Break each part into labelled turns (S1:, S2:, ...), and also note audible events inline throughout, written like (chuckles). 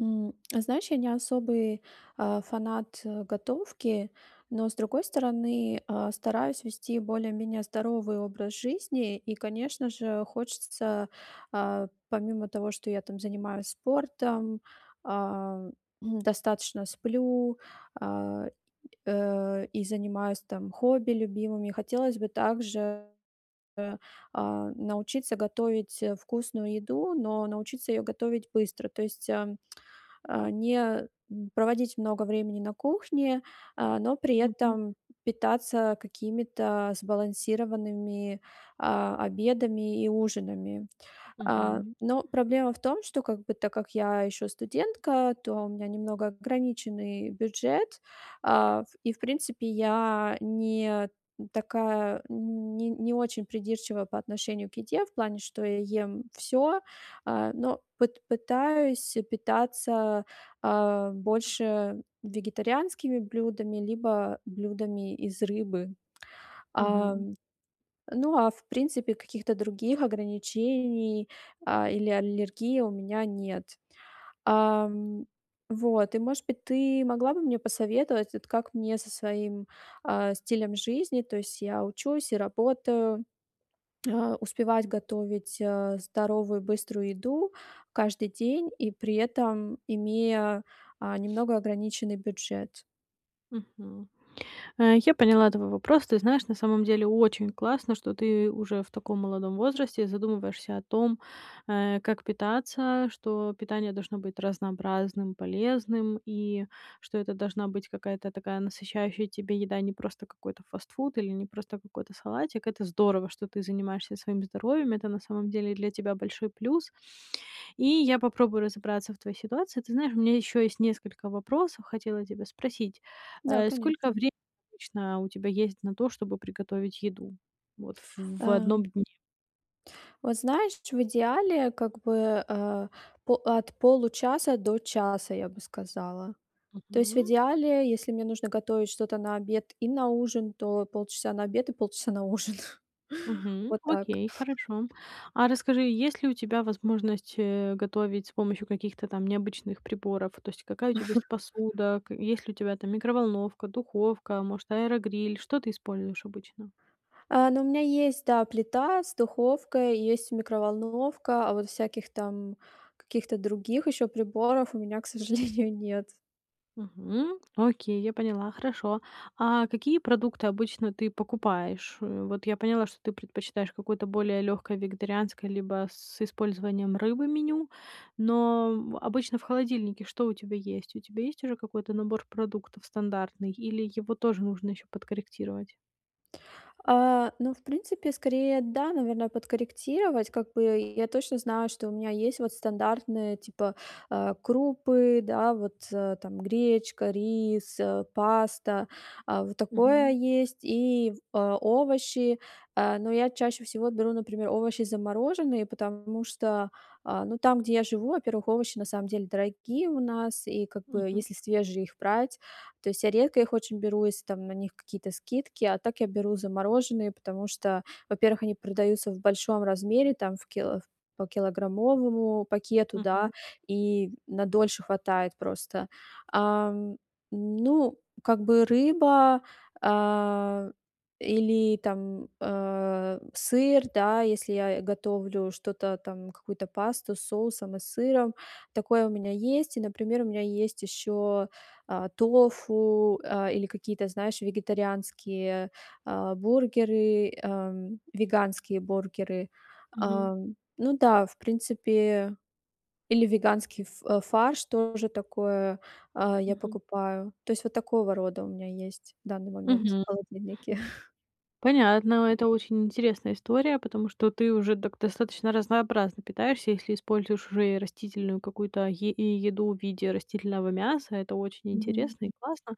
S1: М. Знаешь, я не особый, а, фанат готовки, но, с другой стороны, а, стараюсь вести более-менее здоровый образ жизни и, конечно же, хочется, а, помимо того, что я, там, занимаюсь спортом, а, м, (clears throat) достаточно сплю, а, э, и занимаюсь, там, хобби любимыми, хотелось бы также, а, научиться готовить, а, вкусную еду, но научиться её готовить быстро. То есть, ам, а, не, м, проводить много времени на кухне, а, но при
S2: Мгм.
S1: этом питаться какими-то сбалансированными, а, обедами и ужинами. А,
S2: Мгм.
S1: но проблема в том, что, как бы, так как я ещё студентка, то у меня немного ограниченный бюджет, а, в и, в принципе, я не такая, не не очень придирчивая по отношению к еде. В плане, что я ем всё, а, но пыт пытаюсь питаться, а, больше вегетарианскими блюдами либо блюдами из рыбы. А.
S2: Мгм.
S1: Ну, а, в принципе, каких-то других ограничений, а, или аллергии у меня нет. Ам. Вот, и, может быть, ты могла бы мне посоветовать, вот, как мне со своим, а, стилем жизни, то есть я учусь и работаю, а, успевать готовить, а, здоровую быструю еду каждый день и при этом имея, а, немного ограниченный бюджет.
S2: Мгм. А, я поняла твой вопрос. Ты знаешь, на самом деле очень классно, что ты уже в таком молодом возрасте задумываешься о том, э, как питаться, что питание должно быть разнообразным, полезным и что это должна быть какая-то такая насыщающая тебя еда, не просто какой-то фастфуд или не просто какой-то салатик. Это здорово, что ты занимаешься своим здоровьем, это на самом деле для тебя большой плюс. И я попробую разобраться в твоей ситуации. Ты знаешь, у меня ещё есть несколько вопросов, хотела тебя спросить.
S1: Да,
S2: А сколько
S1: конечно.
S2: времени обычно у тебя есть на то, чтобы приготовить еду, вот, ф в
S1: А.
S2: 1 дне?
S1: Вот знаешь, ч в идеале, как бы, э, по от получаса до часа, я бы сказала. То есть в
S2: Мгм.
S1: идеале, если мне нужно готовить что-то на обед и на ужин, то полчаса на обед и полчаса на ужин.
S2: Мгм,
S1: Вот так.
S2: окей, хорошо. А расскажи, есть ли у тебя возможность, э, готовить с помощью каких-то там необычных приборов? То есть какая у тебя есть
S1: (chuckles)
S2: посуда, к есть ли у тебя там микроволновка, духовка, может, аэрогриль, что ты используешь обычно?
S1: А, ну, у меня есть, да, плита с духовкой, есть микроволновка, а вот всяких там каких-то других ещё приборов у меня, к сожалению, нет.
S2: Мгм, окей, я поняла, хорошо. А какие продукты обычно ты покупаешь? Вот я поняла, что ты предпочитаешь какое-то более лёгкое вегетарианское либо с использованием рыбы меню. Но в обычно в холодильнике что у тебя есть? У тебя есть уже какой-то набор продуктов стандартный или его тоже нужно ещё подкорректировать?
S1: А, ну, в принципе, скорее, да, наверно, подкорректировать. Как бы я точно знаю, что у меня есть вот стандартные, типа, а, крупы, да, вот, э. Там гречка, рис, а, паста, а, вот такое
S2: Мгм.
S1: есть, и в а, овощи. А, но я чаще всего беру, например, овощи замороженные, потому что, а, ну, там, где я живу, во-первых, овощи на самом деле дорогие у нас, и как бы,
S2: Мгм.
S1: если свежие их брать, то есть я редко их очень беру, если там на них какие-то скидки, а так я беру замороженные. Потому что, во-первых, они продаются в большом размере, там, в кило по килограммовому пакету, да,
S2: Мгм.
S1: и на дольше хватает просто. Ам, ну, как бы, рыба, а, или, там, а, сыр, да, если я и готовлю что-то там, какую-то пасту с соусом и сыром. Такое у меня есть. И, например, у меня есть ещё, а, тофу, а, или какие-то, знаешь, вегетарианские, а, бургеры, ам, веганские бургеры.
S2: Мгм.
S1: А, ну да, в принципе, или веганский ф фарш тоже такое, а, я
S2: Мгм.
S1: покупаю. То есть, вот такого рода у меня есть в данный момент
S2: Мгм.
S1: в холодильнике.
S2: Понятно, это очень интересная история, потому что ты уже так достаточно разнообразно питаешься, если используешь уже и растительную какую-то е и еду в виде растительного мяса. Это очень
S1: Мгм.
S2: интересно и классно.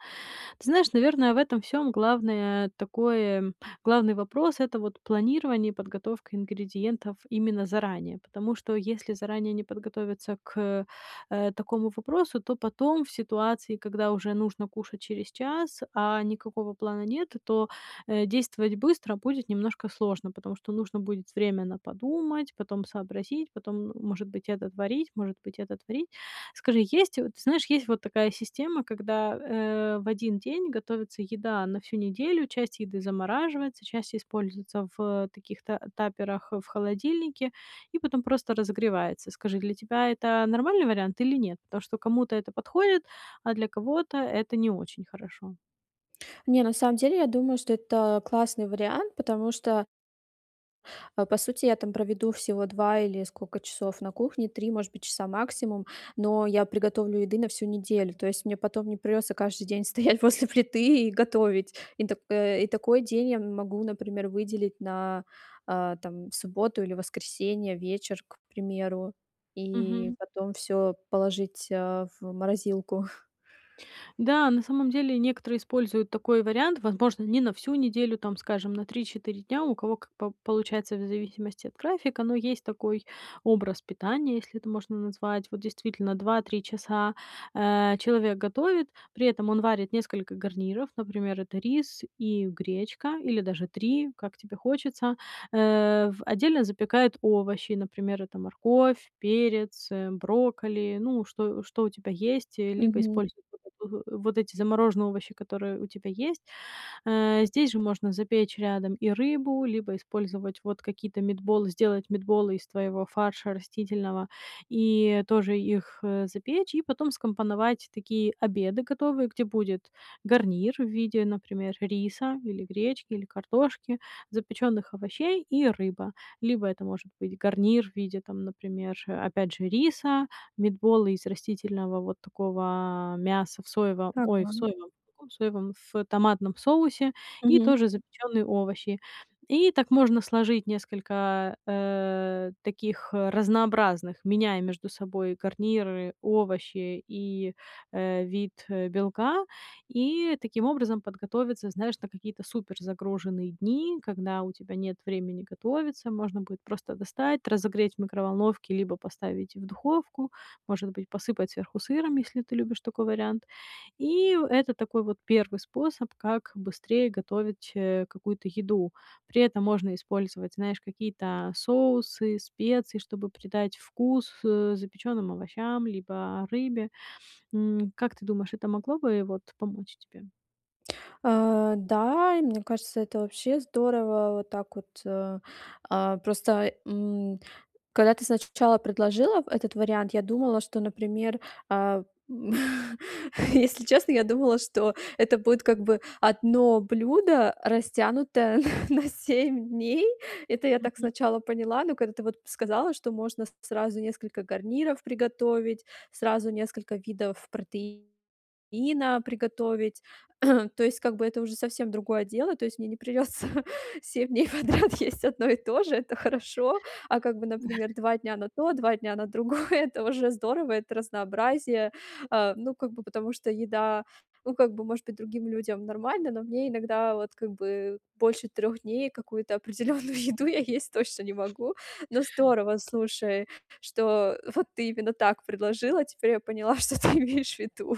S2: Ты знаешь, наверное, в этом всём главное такое главный вопрос- это вот планирование и подготовка ингредиентов именно заранее. Потому что если заранее не подготовиться к, э, такому вопросу, то потом в ситуации, когда уже нужно кушать через час, а никакого плана нет, то, э, действовать быстро будет немножко сложно. Потому что нужно будет время на подумать, потом сообразить, потом, м, может быть, это творить, может быть, это творить. Скажи, есть вот знаешь, есть вот такая система, когда, э, в 1 день готовится еда на всю неделю, часть еды замораживается, часть используется в таких т таперах в холодильнике и потом просто разогревается. Скажи, для тебя это нормальный вариант или нет? Потому что кому-то это подходит, а для кого-то это не очень хорошо.
S1: Не, на самом деле я думаю, что это классный вариант, потому что А, по сути, я там проведу всего 2 или сколько часов на кухне, 3, может быть, часа максимум, но я приготовлю еды на всю неделю. То есть мне потом не придётся каждый день стоять после плиты и готовить. И так, э и такой день я могу, например, выделить на, а, там, субботу или воскресенье, вечер, к примеру. И
S2: Мгм.
S1: потом всё положить, а, в морозилку. (chuckles)
S2: Да, на самом деле некоторые используют такой вариант. Возможно, не на всю неделю, там, скажем, на 3-4 дня, у кого как по получается в зависимости от графика, но есть такой образ питания, если это можно так назвать. Вот действительно 2-3 часа, а, человек готовит, при этом он варит несколько гарниров, например, это рис и гречка или даже 3, как тебе хочется. Э, в отдельно запекает овощи. Например, это морковь, перец, э, брокколи, ну, что что у тебя есть. Либо
S1: Мгм.
S2: используй (unintelligible) вот эти замороженные овощи, которые у тебя есть. А, здесь же можно запечь рядом и рыбу, либо использовать вот какие-то meetball, сделать митболы из твоего фарша растительного и тоже их, э, запечь. И потом скомпоновать такие обеды готовые, где будет гарнир в виде, например, риса или гречки, или картошки, запечённых овощей и рыба. Либо это может быть гарнир в виде, там, например, опять же, риса, митбола из растительного вот такого мяса в соевом ой, в
S1: Пропан.
S2: соевом, в каком соевом, в томатном соусе и
S1: Мгм.
S2: тоже запечённые овощи. И так можно сложить несколько, э, таких разнообразных, меняя между собой гарниры, овощи и, э, вид белка. И таким образом подготовиться, знаешь, на какие-то суперзагруженные дни, когда у тебя нет времени готовиться. Можно будет просто достать, разогреть в микроволновке либо поставить в духовку. Может быть, посыпать сверху сыром, если ты любишь такой вариант. И в это такой вот 1 способ, как быстрее готовить, э, какую-то еду. При этом можно использовать, знаешь, какие-то соусы, специи, чтобы придать вкус, э, запечённым овощам либо рыбе. М, как ты думаешь, это могло бы, вот, помочь тебе?
S1: А, да, и мне кажется, это вообще здорово. Вот так вот, а, а, просто, м, когда ты сначала предложила в этот вариант, я думала, что, например, а, в (laughs) Если честно, я думала, что это будет, как бы, одно блюдо, растянутое на на 7 дней. Это я так
S2: Мгм.
S1: сначала поняла, но когда ты вот сказала, что можно с сразу несколько гарниров приготовить, сразу несколько видов протеина приготовить. (clears throat) То есть, как бы, это уже совсем другое дело. То есть мне не придется 7 дней подряд есть 1 и то же, это хорошо. А, как бы, например,
S2: (chuckles)
S1: 2 дня на то, 2 дня на другое- это уже здорово, это разнообразие. А, ну, как бы, потому что еда, ну, как бы, может быть, другим людям нормально, но мне иногда вот, как бы, больше 3 дней какую-то определённую еду я есть точно не могу. Ну, здорово, слушай, что вот ты именно так предложила, теперь я поняла, что ты имеешь в виду.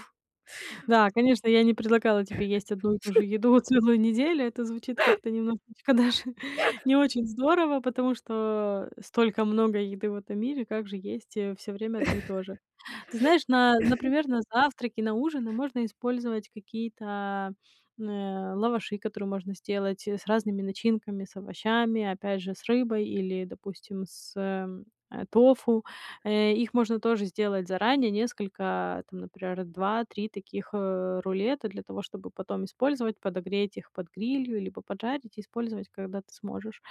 S2: Да, конечно, я не предлагала тебе есть одну и ту же
S1: (laughs)
S2: еду целую неделю. Это звучит как-то немножечко даже не очень здорово, потому что столько много еды в этом мире, как же есть, э, всё время 1 и то же?
S1: (chuckles)
S2: Ты знаешь, на
S1: (chuckles)
S2: например, на завтраки, на ужины можно использовать какие-то, э, лаваши, которые можно сделать с разными начинками, с овощами, опять же, с рыбой или, допустим, с, эм, а, тофу. Э, их можно тоже сделать заранее, несколько там, например, 2-3 таких, э, рулета для того, чтобы потом использовать, подогреть их под грилью либо поджарить и использовать, когда ты сможешь.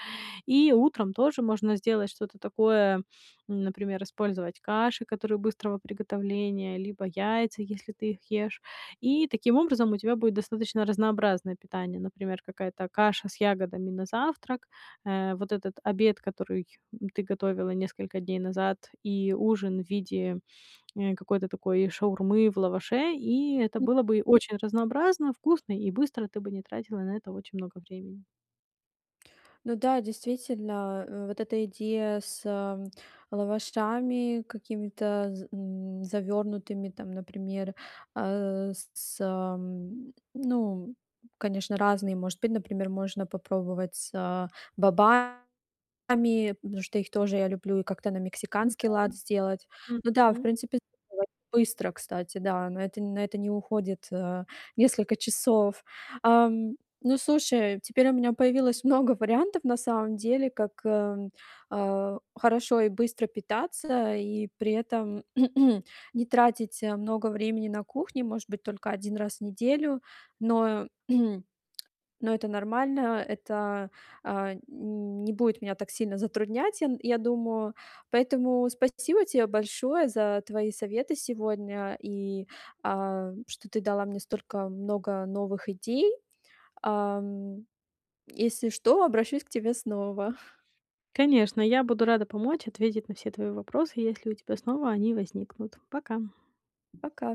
S2: И утром тоже можно сделать что-то такое, например, использовать каши, которые быстрого приготовления, либо яйца, если ты их ешь. И таким образом у тебя будет достаточно разнообразное питание. Например, какая-то каша с ягодами на завтрак, э, вот этот обед, который ты готовила несколько дней назад, и ужин в виде, э, какой-то такой шаурмы в лаваше, и это
S1: М.
S2: было бы очень разнообразно, вкусно и быстро. Ты бы не тратила на это очень много времени.
S1: Ну да, действительно, э, вот эта идея с лавашами какими-то з м, завернутыми, там, например, а, с ам, ну, конечно, разные, может быть. Например, можно попробовать с бобами, потому что их тоже я люблю, и как-то на мексиканский
S2: Н-да,
S1: лад сделать. Ну да, в
S2: мгм.
S1: принципе, (unintelligible) быстро, кстати, да, на это на это не уходит, а, несколько часов. Ам, ну, слушай, теперь у меня появилось много вариантов, на самом деле, как, эм, а, хорошо и быстро питаться и при этом (clears throat) не тратить много времени на кухне, может быть, только 1 раз в неделю. Но (clears throat) но это нормально. Это, а, н не будет меня так сильно затруднять, я н я думаю. Поэтому спасибо тебе большое за твои советы сегодня и, а, что ты дала мне столько много новых идей. Ам, если что, обращусь к тебе снова. (chuckles)
S2: Конечно, я буду рада помочь ответить на все твои вопросы, если у тебя снова они возникнут. Пока.
S1: Пока.